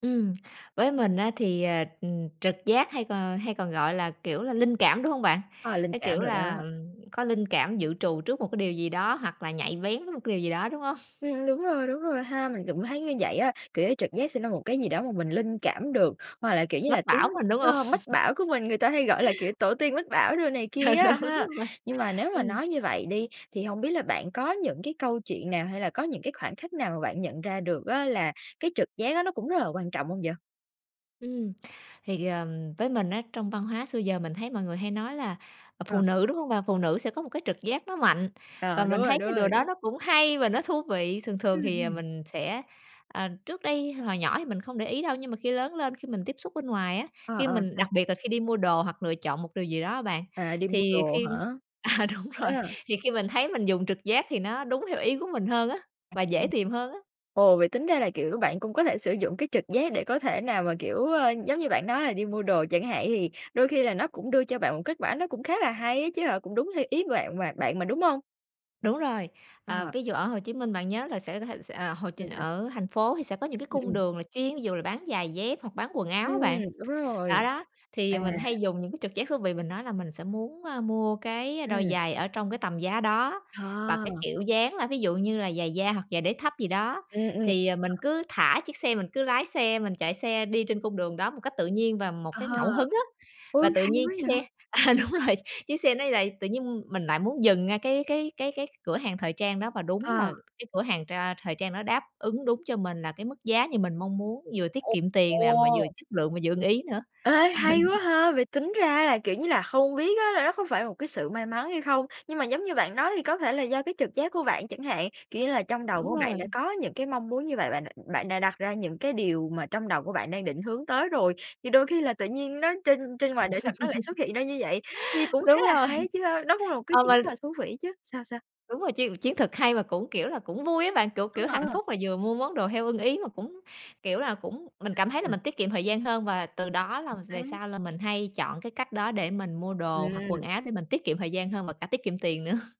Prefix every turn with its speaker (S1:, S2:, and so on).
S1: Ừm, với mình á thì, ờ, ừm, trực giác hay còn hay còn, gọi là, kiểu là, linh cảm, đúng hông bạn?
S2: Ờ, linh
S1: Cái,
S2: cảm
S1: kiểu
S2: đồ
S1: là,
S2: đó.
S1: ừm, có linh cảm dự trù trước một cái điều gì đó, hoặc là nhạy bén với một cái điều gì đó, đúng hông?
S2: Ừm, đúng rồi, đúng rồi ha! Mình cũng thấy như vậy á, kiểu như, trực giác sẽ ra một cái gì đó mà mình linh cảm được, hoặc là, kiểu như là,
S1: Mách
S2: tiếng,
S1: bảo mình đúng hông?
S2: ơ, mách bảo của mình, người ta hay gọi là, kiểu, tổ tiên mách bảo đồ này kia
S1: Ờ,
S2: á ha.
S1: đúng vậy.
S2: Nhưng mà nếu mà
S1: Ừm.
S2: nói như vậy đi, thì hổng biết là bạn có những cái câu chuyện nào, hay là có những cái khoảnh khắc nào mà bạn nhận ra được á là cái trực giác á, nó cũng rất là quan trọng hông vậy?
S1: Ừm, thì, ờ, với mình á, trong văn hóa xưa giờ mình thấy mọi người hay nói là phụ
S2: Ờ.
S1: nữ, đúng hông bạn? Phụ nữ sẽ có một cái trực giác nó mạnh và
S2: Ờ, đúng
S1: mình thấy
S2: rồi, đúng
S1: cái điều đó
S2: rồi!
S1: nó cũng hay và nó thú vị. Thường thường
S2: Ừm,
S1: thì, à,
S2: ừm.
S1: mình sẽ à, trước đây hồi nhỏ thì mình không để ý đâu, nhưng mà khi lớn lên, khi mình tiếp xúc bên ngoài á,
S2: Ờ,
S1: khi
S2: ờ,
S1: mình
S2: sao?
S1: đặc biệt là khi đi mua đồ hoặc lựa chọn một điều gì đó bạn,
S2: À, đi mua
S1: thì
S2: đồ
S1: khi
S2: hả?
S1: à, đúng rồi,
S2: Ờ.
S1: thì khi mình thấy mình dùng trực giác thì nó đúng theo ý của mình hơn á
S2: À,
S1: và dễ
S2: ừm.
S1: tìm hơn á.
S2: Ồ, vậy tính ra là, kiểu, bạn cũng có thể sử dụng cái trực giác để có thể nào mà, kiểu, ờ, giống như bạn nói là đi mua đồ chẳng hạn, thì đôi khi là nó cũng đưa cho bạn một kết quả nó cũng khá là hay á chứ hả? Cũng đúng theo ý bạn mà bạn mà, đúng hông?
S1: Đúng rồi. Ờ,
S2: Ờ.
S1: ví dụ ở Hồ Chí Minh bạn nhớ là sẽ sẽ sẽ ờ, Hồ Chí
S2: [unintelligible]
S1: ở thành phố thì sẽ có những cái
S2: Ừm,
S1: cung
S2: ừm.
S1: đường là chuyên ví dụ là bán giày dép hoặc bán quần áo
S2: Ừm,
S1: á bạn.
S2: đúng
S1: Đó,
S2: rồi.
S1: đó, thì,
S2: À.
S1: ờ, mình hay dùng những cái trực giác thú vị, mình nói là mình sẽ muốn, a, mua cái đôi
S2: Ừm.
S1: giày ở trong cái tầm giá đó và cái
S2: Ờ.
S1: kiểu dáng là ví dụ như là giày da hoặc giày đế thấp gì đó.
S2: Ừm, ừm.
S1: Thì, ờ, mình cứ thả chiếc xe, mình cứ lái xe, mình chạy xe đi trên cung đường đó một cách tự nhiên và một cái
S2: Ờ.
S1: ngẫu hứng á
S2: Ôi,
S1: và tự
S2: hay
S1: nhiên
S2: quá
S1: chiếc
S2: vậy!
S1: xe à, đúng rồi, chiếc xe nó lại tự nhiên mình lại muốn dừng ngay cái cái cái cái cửa hàng thời trang đó và đúng
S2: Ờ.
S1: là cái cửa hàng tr a, thời trang đó đáp ứng đúng cho mình là cái mức giá như mình mong muốn, vừa tiết
S2: Ồ.
S1: kiệm tiền nè, mà vừa
S2: Ồ!
S1: chất lượng, mà vừa ưng ý nữa.
S2: Ê, hay quá ha! Vậy tính ra là, kiểu như là, không biết á là nó có phải là một cái sự may mắn hay không? Nhưng mà giống như bạn nói thì có thể là do cái trực giác của bạn chẳng hạn, kiểu như là, trong đầu
S1: Đúng
S2: của bạn
S1: rồi.
S2: đã có những cái mong muốn như vậy, bạn đ bạn đã đặt ra những cái điều mà trong đầu của bạn đang định hướng tới rồi, thì đôi khi là tự nhiên nó trên trên ngoài đời thật nó lại xuất hiện ra như vậy. Nhi cũng khá
S1: Đúng
S2: là
S1: rồi.
S2: hay á chứ ha, nó cũng là một cái
S1: Ờ,
S2: chuyện
S1: mà
S2: rất là thú vị chứ. Sao, sao?
S1: Đúng rồi, chiến chiến thuật hay mà cũng, kiểu là, cũng vui á bạn, kiểu
S2: Ờ,
S1: kiểu, hạnh
S2: ờ.
S1: phúc là vừa mua món đồ theo ưng ý mà cũng, kiểu là, cũng mình cảm thấy là
S2: Ừm.
S1: mình tiết kiệm thời gian hơn và từ đó là
S2: Chuẩn
S1: về
S2: xác.
S1: sau là mình hay chọn cái cách đó để mình mua đồ hoặc quần
S2: Ừm.
S1: áo, để mình tiết kiệm thời gian hơn và cả tiết kiệm tiền nữa.